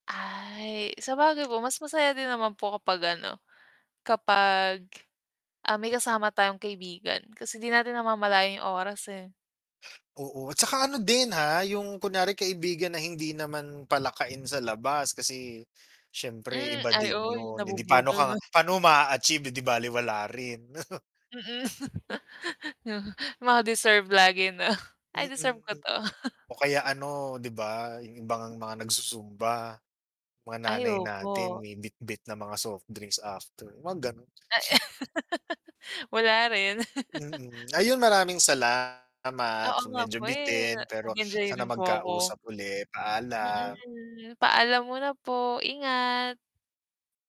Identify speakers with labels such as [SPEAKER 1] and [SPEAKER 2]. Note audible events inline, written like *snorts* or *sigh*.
[SPEAKER 1] Ay, sabagay po mas masaya din naman po kapag ano, kapag, ah, may kasama tayong kaibigan kasi di natin namamalayan yung oras eh.
[SPEAKER 2] Oo, at tsaka ano din, ah, yung kunwari kaibigan na hindi naman palakain sa labas kasi siyempre
[SPEAKER 1] Hmm,
[SPEAKER 2] iba
[SPEAKER 1] ay
[SPEAKER 2] din
[SPEAKER 1] oo, yung
[SPEAKER 2] yun 'di paano
[SPEAKER 1] nabubudol
[SPEAKER 2] ka
[SPEAKER 1] 'no?
[SPEAKER 2] paano mo ma-a-achieve eh, di balewala rin. *chuckles*
[SPEAKER 1] Mm, *laughs* Mga deserve lagi 'no, ay deserve ko
[SPEAKER 2] Mm.
[SPEAKER 1] 'to.
[SPEAKER 2] O
[SPEAKER 1] *chuckles*
[SPEAKER 2] kaya ano, 'di ba, yung iba ngang mga nagsusumba mga
[SPEAKER 1] Ay,
[SPEAKER 2] nanay natin
[SPEAKER 1] opo.
[SPEAKER 2] may bitbit na mga soft drinks after, huwag gano'n. *snorts*
[SPEAKER 1] *laughs* Wala rin. *chuckles*
[SPEAKER 2] Mm, ayun maraming salamat,
[SPEAKER 1] Oo nga po
[SPEAKER 2] medyo
[SPEAKER 1] eh, na
[SPEAKER 2] bitin pero
[SPEAKER 1] nag-enjoy
[SPEAKER 2] sana
[SPEAKER 1] rin po ako.
[SPEAKER 2] magkausap ulit, paalam.
[SPEAKER 1] Mm, paalam muna po, ingat.